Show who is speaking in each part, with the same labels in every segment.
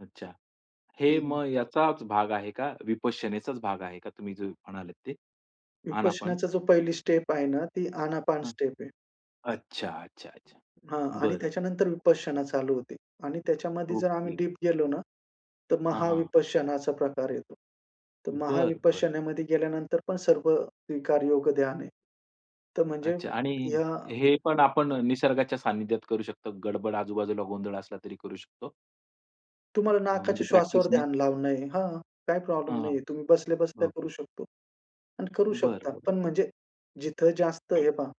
Speaker 1: अच्छा.
Speaker 2: हं,
Speaker 1: हे
Speaker 2: हं.
Speaker 1: मग याचाच भाग आहे का? विपश्यनेचाच भाग आहे का? तुम्ही जो म्हणालात ते. आनापान?
Speaker 2: विपश्यनाचा जो पहिली स्टेप आहे ना, ती आनापान
Speaker 1: हां.
Speaker 2: स्टेप आहे.
Speaker 1: अच्छा, अच्छा, अच्छा.
Speaker 2: हां. आणि
Speaker 1: बरं.
Speaker 2: त्याच्यानंतर विपश्यना चालू होते. आणि त्याच्यामध्ये जर आम्ही
Speaker 1: ओके.
Speaker 2: डीप गेलो ना, तर
Speaker 1: हां, हां.
Speaker 2: महाविपश्यनाचा प्रकार येतो. तर
Speaker 1: बरं, बरं.
Speaker 2: महाविपश्यनामध्ये गेल्यानंतर पण सर्व स्वीकार योग ध्यान आहे. तर म्हणजे
Speaker 1: अच्छा. आणि
Speaker 2: ह्या
Speaker 1: हे पण
Speaker 2: हं.
Speaker 1: आपण निसर्गाच्या सान्निध्यात करू शकतो? गडबड, आजूबाजूला गोंधळ असला तरी करू शकतो?
Speaker 2: तुम्हाला
Speaker 1: अ,
Speaker 2: नाकाच्या
Speaker 1: म्हणजे
Speaker 2: श्वासावर
Speaker 1: प्रॅक्टिसने.
Speaker 2: ध्यान लावणं आहे, हां. काही प्रॉब्लेम
Speaker 1: हां,
Speaker 2: नाहीये. तुम्ही बसल्या बसल्या करू
Speaker 1: ओके.
Speaker 2: शकतो. आणि करू
Speaker 1: बरं,
Speaker 2: शकता.
Speaker 1: बरं.
Speaker 2: पण म्हणजे जिथं जास्त हे पहा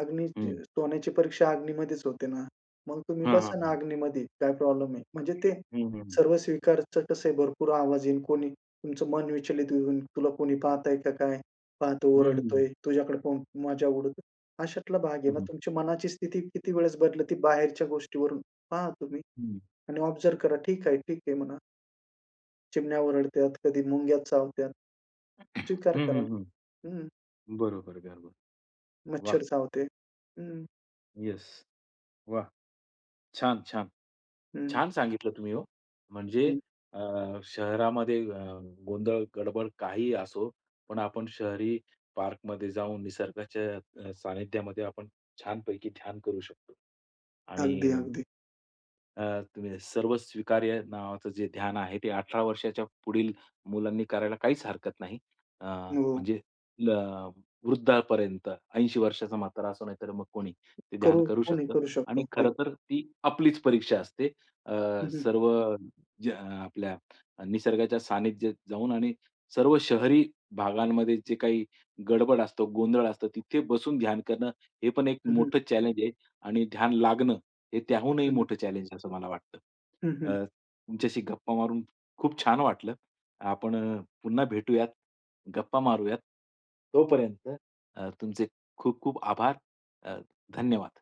Speaker 2: अग्नी
Speaker 1: हं.
Speaker 2: सोन्याची परीक्षा अग्नीमध्येच होते ना? मग तुम्ही
Speaker 1: हां, हां,
Speaker 2: बसा ना
Speaker 1: हां.
Speaker 2: अग्नीमध्ये. काय प्रॉब्लेम आहे. म्हणजे ते
Speaker 1: हं, हं, हं.
Speaker 2: सर्व स्वीकारचं कसं आहे, भरपूर आवाज येईल, कोणी तुमचं मन विचलित होऊन तुला कोणी पाहतंय का काय? पाहतो,
Speaker 1: हं, हं,
Speaker 2: ओरडतोय
Speaker 1: हं.
Speaker 2: तुझ्याकडे पाहून मजा उडवतो. अशातला भाग आहे
Speaker 1: हं,
Speaker 2: ना.
Speaker 1: हं.
Speaker 2: तुमची मनाची स्थिती किती वेळेस बदलती बाहेरच्या गोष्टीवरून, पहा तुम्ही.
Speaker 1: हं.
Speaker 2: आणि ऑब्झर्व्ह करा, ठीक आहे, ठीक आहे म्हणा. चिमण्या ओरडत्यात, कधी मुंग्या चावतात.
Speaker 1: हं,
Speaker 2: स्वीकार
Speaker 1: हं,
Speaker 2: करा.
Speaker 1: हं.
Speaker 2: हं.
Speaker 1: बरोबर आहे, बरोबर आहे. वाह!
Speaker 2: मच्छर चावते. हं.
Speaker 1: येस. वाह! छान, छान.
Speaker 2: हं.
Speaker 1: छान सांगितलं तुम्ही हो. म्हणजे
Speaker 2: हं.
Speaker 1: अ, शहरामध्ये अ, गोंधळ गडबड काहीही असो, पण आपण शहरी पार्कमध्ये जाऊन निसर्गाच्या अ, सान्निध्यामध्ये आपण छानपैकी ध्यान करू शकतो.
Speaker 2: अगदी,
Speaker 1: आणि
Speaker 2: अगदी.
Speaker 1: अ, तुम्ही सर्वस्वीकार्य नावाचं जे ध्यान आहे, ते 18 वर्षांच्या पुढील मुलांनी करायला काहीच हरकत नाही. अ,
Speaker 2: हो.
Speaker 1: म्हणजे आपलं वृद्धापर्यंत 80 वर्षांचा म्हातारा असो, नाहीतर मग कोणी ते ध्यान
Speaker 2: करू
Speaker 1: करू
Speaker 2: कोणी
Speaker 1: शकतं.
Speaker 2: करू
Speaker 1: आणि
Speaker 2: शकतो. हो.
Speaker 1: खरंतर ती आपलीच परीक्षा असते. अ,
Speaker 2: हं, हं.
Speaker 1: सर्व ज्या आपल्या निसर्गाच्या सान्निध्यात जाऊन आणि सर्व शहरी भागांमध्ये जे काही गडबड असतो, गोंधळ असतो, तिथे बसून ध्यान करणं, हे पण एक
Speaker 2: हं, हं.
Speaker 1: मोठं चॅलेंज आहे. आणि ध्यान लागणं हे त्याहूनही
Speaker 2: हं, हं.
Speaker 1: मोठं चॅलेंज आहे, असं मला वाटतं.
Speaker 2: हं, हं.
Speaker 1: अ, तुमच्याशी गप्पा मारून खूप छान वाटलं. आपण अ, पुन्हा भेटूयात. गप्पा मारूयात. तोपर्यंत अ, तुमचे खूप खूप आभार. अ, धन्यवाद.